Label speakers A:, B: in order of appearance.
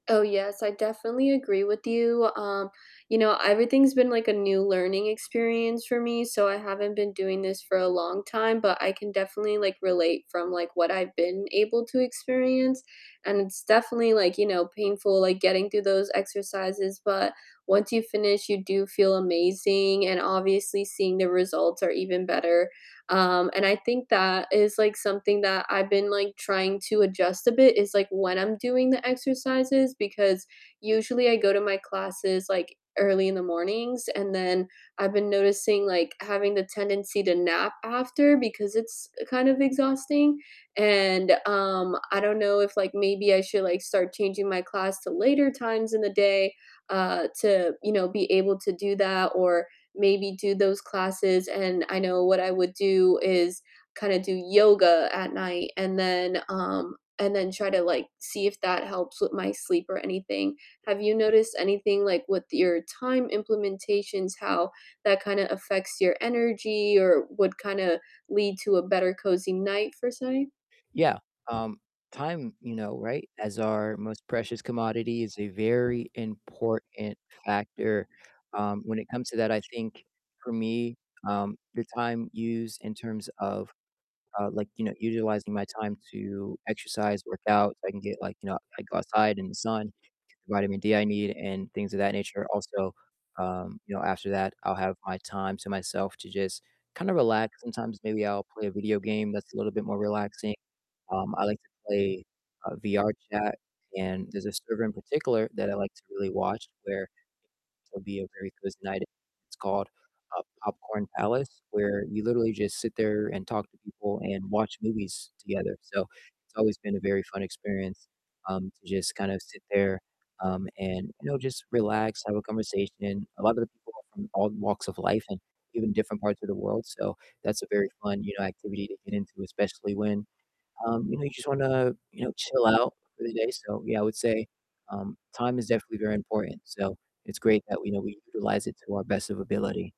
A: Oh, yes, I definitely agree with you, um, you know, everything's been like a new learning experience for me, so, I haven't been doing this for a long time, but I can definitely, like, relate from, like, what I've been able to experience, and it's definitely, like, you know, painful, like, getting through those exercises, but once you finish, you do feel amazing, and obviously seeing the results are even better, um, and I think that is, like, something that I've been, like, trying to adjust a bit is, like, when I'm doing the exercises, because usually I go to my classes, like, early in the mornings, and then I've been noticing, like, having the tendency to nap after because it's kind of exhausting, and, um, I don't know if, like, maybe I should, like, start changing my class to later times in the day, uh, to, you know, be able to do that, or maybe do those classes, and I know what I would do is kinda do yoga at night and then, um and then try to, like, see if that helps with my sleep or anything. Have you noticed anything, like, with your time implementations, how that kinda affects your energy, or would kinda lead to a better cozy night for say?
B: Yeah, um, time, you know, right, as our most precious commodity is a very important factor, um, when it comes to that, I think for me, um, the time used in terms of, uh like, you know, utilizing my time to exercise, work out, so I can get, like, you know, I go outside in the sun, get the vitamin D I need, and things of that nature, also, um, you know, after that I'll have my time to myself to just kinda relax, sometimes, maybe I'll play a video game that's a little bit more relaxing, um, I like to play, uh, VR chat, and there's a server in particular that I like to really watch where it'll be a very cozy night i It's called, uh, Popcorn Palace, where you literally just sit there and talk to people and watch movies together, so, it's always been a very fun experience, um, to just kind of sit there, um, and, you know, just relax, have a conversation, a lotta the people are from all walks of life and even different parts of the world, so that's a very fun, you know, activity to get into, especially when, um, you know, you just wanna, you know, chill out for the day, so yeah, I would say, um, time is definitely very important, so it's great that we you know, we utilize it to our best of ability.